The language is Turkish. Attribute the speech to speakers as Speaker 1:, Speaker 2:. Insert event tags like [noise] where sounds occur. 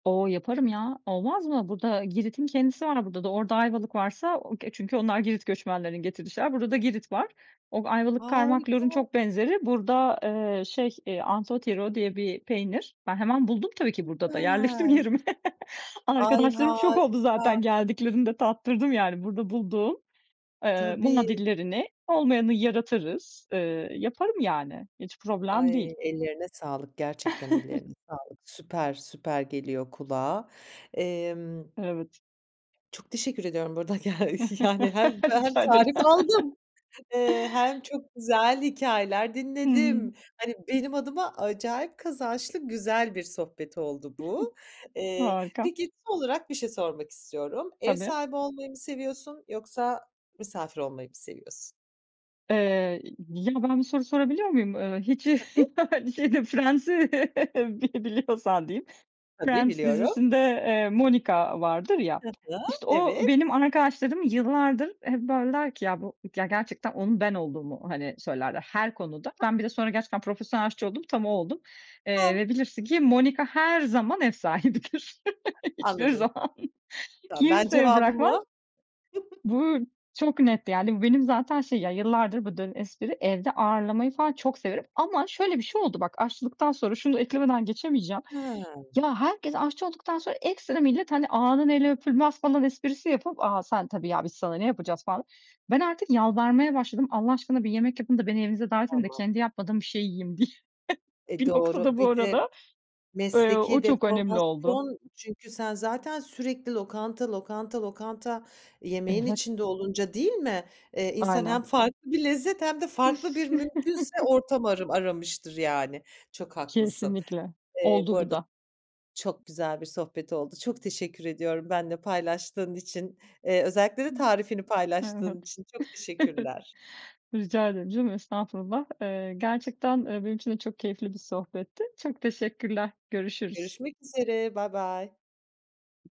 Speaker 1: O, yaparım ya, olmaz mı? Burada Girit'in kendisi var burada da. Orada Ayvalık varsa o ke çünkü onlar Girit göçmenlerinin getirdği şeyler. Burada da Girit var. O Ayvalık kaymak, lorun
Speaker 2: Harika.
Speaker 1: çok benzeri. Burada, eee, şey, eee, anthotyro diye bir peynir. Ben hemen buldum tabii ki burada da, yerleştim
Speaker 2: Süper.
Speaker 1: yerime.
Speaker 2: Ay,
Speaker 1: Arkadaşlarım şok oldu zaten
Speaker 2: harika.
Speaker 1: geldiklerinde tattırdım, yani, burada bulduğum ııı,
Speaker 2: Tabii.
Speaker 1: muadillerini. Olmayanı yaratırız, ııı, yaparım, yani, hiç problem değil.
Speaker 2: Ay, ellerine sağlık, gerçekten
Speaker 1: [chuckles]
Speaker 2: ellerine sağlık. Süper, süper geliyor kulağa. Emm
Speaker 1: Evet.
Speaker 2: Çok teşekkür ediyorum bu arada. Ge yani, hem
Speaker 1: [chuckles]
Speaker 2: hem
Speaker 1: Rica ederim.
Speaker 2: tarif
Speaker 1: [chuckles]
Speaker 2: aldım, eee, hem çok güzel hikâyeler dinledim.
Speaker 1: Hımm.
Speaker 2: Hani, benim adıma acayip kazançlı güzel bir sohbet oldu
Speaker 1: [chuckles]
Speaker 2: bu. Eee,
Speaker 1: Harika.
Speaker 2: peki son olarak bir şey sormak istiyorum. Ev
Speaker 1: Tabii.
Speaker 2: sahibi olmayı mı seviyorsun yoksa misafir olmayı mı seviyorsun?
Speaker 1: Eee, ya, ben bir soru sorabiliyor muyum? Iıı, hiç,
Speaker 2: Tabii.
Speaker 1: şey de Friends'i bil biliyorsan diyeyim,
Speaker 2: Tabii
Speaker 1: Friends
Speaker 2: biliyorum.
Speaker 1: dizisinde, eee, Monica vardır ya,
Speaker 2: Hı hı.
Speaker 1: işte, o
Speaker 2: Evet.
Speaker 1: benim arkadaşlarım yıllardır hep, böyle, der ki "Ya, bu" ya, gerçekten onun ben olduğumu, hani, söylerler her konuda.
Speaker 2: [unintelligible]
Speaker 1: Ben bir de sonra gerçekten profesyonel aşçı oldum, tam o oldum, eee,
Speaker 2: Tam.
Speaker 1: ve bilirsin ki Monica her zaman ev sahibidir. Hiçbir
Speaker 2: Anladım.
Speaker 1: zaman
Speaker 2: Tamam, ben
Speaker 1: kimseye bırakmaz.
Speaker 2: cevabımı [chuckles]
Speaker 1: Bu çok net, yani, bu benim zaten şey ya, yıllardır bu dönen espri evde ağırlamayı falan çok severim ama, şöyle, bir şey oldu bak aşçılıktan sonra şunu eklemeden geçemeyeceğim,
Speaker 2: Ha.
Speaker 1: ya, herkes aşçı olduktan sonra ekstra millet, hani, "Ağanın eli öpülmez." falan esprisi yapıp "A, sen tabii ya, biz sana ne yapacağız?" falan. Ben artık yalvarmaya başladım "Allah aşkına bir yemek yapın da beni evinize davet edin de
Speaker 2: Tamam.
Speaker 1: kendi yapmadığım bir şey yiyeyim." diye.
Speaker 2: E,
Speaker 1: Bir noktada
Speaker 2: doğru.
Speaker 1: bu
Speaker 2: Bir de
Speaker 1: arada eee, o
Speaker 2: mesleki
Speaker 1: çok önemli oldu.
Speaker 2: deformasyon çünkü sen zaten sürekli lokanta, lokanta, lokanta yemeğin
Speaker 1: Evet.
Speaker 2: içinde olunca değil mi, eee, insan hem
Speaker 1: Aynen.
Speaker 2: farklı bir lezzet hem de farklı bir mümkünse
Speaker 1: [chuckles]
Speaker 2: ortam arım aramıştır yani. Çok haklısın.
Speaker 1: Kesinlikle.
Speaker 2: Eee, bu
Speaker 1: Oldu bu
Speaker 2: arada
Speaker 1: da.
Speaker 2: çok güzel bir sohbet oldu. Çok teşekkür ediyorum benimle paylaştığın için. Eee, özellikle de tarifini
Speaker 1: [unintelligible] evet.
Speaker 2: paylaştığın için. Çok teşekkürler.
Speaker 1: [chuckles] Rica ederim canım, estağfurullah. Iıı, gerçekten, ııı, benim için de çok keyifli bir sohbetti. Çok teşekkürler, görüşürüz.
Speaker 2: Görüşmek üzere, baybay.